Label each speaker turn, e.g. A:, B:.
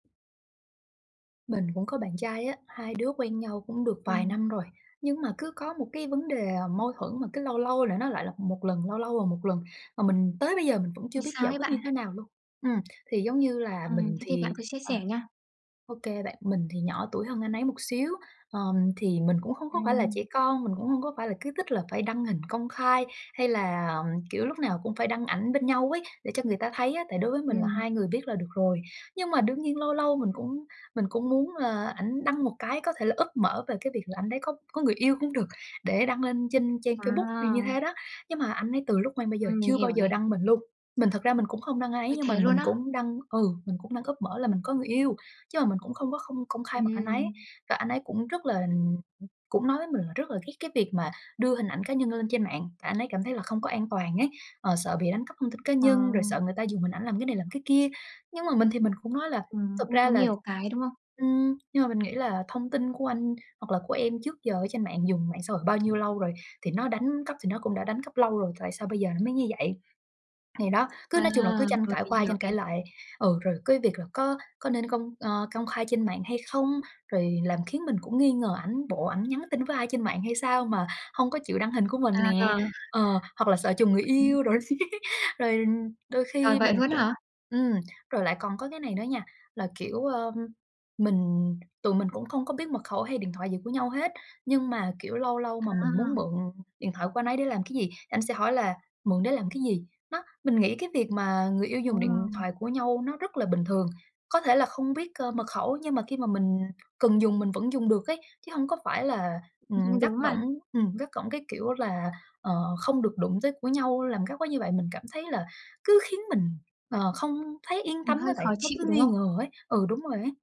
A: Mình cũng có bạn trai á, hai đứa quen nhau cũng được vài
B: Ừm.
A: năm rồi. Nhưng mà cứ có một cái vấn đề, à, mâu thuẫn mà cứ lâu lâu là nó lại lặp 1 lần, lâu lâu là 1 lần, mà mình tới bây giờ mình vẫn chưa
B: Ôi,
A: biết
B: sao
A: giải
B: ấy
A: quyết như
B: bạn?
A: thế nào luôn. Ừm, thì, giống như là,
B: Ừm,
A: mình
B: thế thì bạn
A: thì
B: cứ chia
A: ờ,
B: sẻ nha.
A: ô kê bạn, mình thì nhỏ tuổi hơn anh ấy một xíu, ờ, thì mình cũng không có phải là trẻ
B: Ừm.
A: con, mình cũng không có phải là cứ thích là phải đăng hình công khai, hay là, ừm, kiểu, lúc nào cũng phải đăng ảnh bên nhau ấy, để cho người ta thấy á. Tại đối với mình là hai
B: Ừm.
A: người biết là được rồi. Nhưng mà đương nhiên lâu lâu mình cũng mình cũng muốn là ảnh đăng một cái có thể là úp mở về cái việc là anh đấy có có người yêu cũng được, để đăng lên trên trang Facebook thì như
B: À.
A: thế đó. Nhưng mà anh ấy từ lúc quen bây giờ
B: Ừm, mình
A: chưa bao
B: hiểu
A: giờ
B: này.
A: đăng mình luôn. Mình thật ra mình cũng không đăng ai ấy,
B: Ôi,
A: nhưng mà
B: thế luôn
A: mình
B: á?
A: cũng đăng ừ, mình cũng đăng úp mở là mình có người yêu. Chứ mà mình cũng không có không công khai mặt anh ấy,
B: Ừm.
A: và anh ấy cũng rất là ừm, cũng nói với mình là rất là ghét cái việc mà đưa hình ảnh cá nhân lên trên mạng, tại anh ấy cảm thấy là không có an toàn ấy. Ờ, sợ bị đánh cắp thông tin cá
B: Ờ.
A: nhân, rồi sợ người ta dùng hình ảnh làm cái này làm cái kia. Nhưng mà mình thì mình cũng nói là
B: Ừm,
A: thật
B: cũng
A: ra
B: có
A: là
B: nhiều cái, đúng không?
A: ừm, nhưng mà mình nghĩ là thông tin của anh hoặc là của em trước giờ ở trên mạng, dùng mạng xã hội bao nhiêu lâu rồi, thì nó đánh cắp thì nó cũng đã đánh cắp lâu rồi, tại sao bây giờ nó mới như vậy. Thì đó, cứ
B: À,
A: nói chung là cứ tranh
B: rồi
A: cãi
B: mình
A: qua
B: hiểu
A: tranh
B: này.
A: cãi lại. Ừ, rồi cái việc là có có nên công, ơ, công khai trên mạng hay không? Rồi làm khiến mình cũng nghi ngờ ảnh, bộ ảnh nhắn tin với ai trên mạng hay sao mà hông có chịu đăng hình của mình nè.
B: À.
A: Ờ, hoặc là sợ trùng người
B: Ừm.
A: yêu đồ. Rồi đôi
B: Trời,
A: khi
B: vậy
A: mình
B: luôn
A: cũng
B: hả?
A: ừm, rồi lại còn có cái này nữa nha, là, kiểu, ơ, mình tụi mình cũng không có biết mật khẩu hay điện thoại gì của nhau hết. Nhưng mà, kiểu, lâu lâu mà mình muốn
B: À.
A: mượn điện thoại của anh ấy để làm cái gì, anh sẽ hỏi là "Mượn để làm cái gì?" Đó, mình nghĩ cái việc mà người yêu
B: Ờ.
A: dùng điện thoại của nhau nó rất là bình thường. Có thể là không biết, ơ, mật khẩu, nhưng mà khi mà mình cần dùng mình vẫn dùng được ấy, chứ hông có phải là, ừm,
B: [unintelligible]
A: gắt
B: đúng mà.
A: gỏng ừm, gắt gỏng cái, kiểu là, ờ, không được đụng tới của nhau, làm gắt quá như vậy, mình cảm thấy là cứ khiến mình, ờ, không thấy yên
B: Ừm,
A: tâm á
B: hơi
A: bạn.
B: khó
A: Nó
B: chịu,
A: cứ
B: đúng
A: nghi
B: không?
A: ngờ ấy. Ừ, đúng rồi ấy.